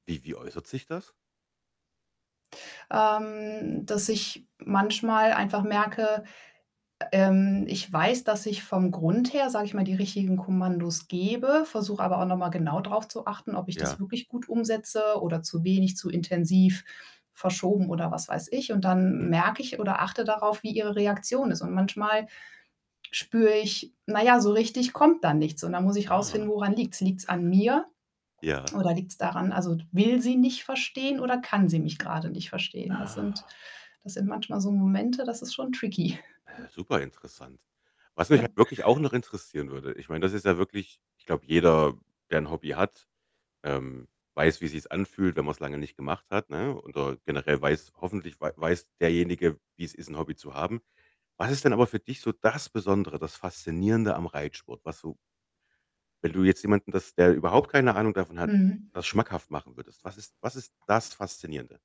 Wie Wie äußert sich das? Ähm, dass ich manchmal einfach merke, ä ähm, ich weiß, dass ich vom Grund her, sage ich mal, die richtigen Kommandos gebe, versuche aber auch noch mal genau drauf zu achten, ob ich das Ja. wirklich gut umsetze oder zu wenig, zu intensiv, verschoben oder was weiß ich und dann Mhm. merke ich oder achte darauf, wie ihre Reaktion ist und manchmal spüre ich: Na ja, so richtig kommt da nichts und dann muss ich rausfinden, Ah. woran liegt's? Liegt's an mir Ja. oder liegt's daran also, will sie nicht verstehen oder kann sie mich gerade nicht verstehen? Das sind Ah. das sind manchmal so Momente, das ist schon tricky. Hä, super interessant. Was mich halt wirklich auch noch interessieren würde, ich meine, das ist ja wirklich ich glaube, jeder, der 'n Hobby hat, ähm, weiß, wie sich's anfühlt, wenn man's lange nicht gemacht hat, ne, oder generell weiß hoffentlich wei weiß derjenige, wie's ist, 'n Hobby zu haben. Was ist denn aber für dich so das Besondere, das Faszinierende am Reitsport? Was du wenn du jetzt jemanden, das der überhaupt keine Ahnung davon hat, Mhm. das schmackhaft machen würdest, was ist was ist das Faszinierende?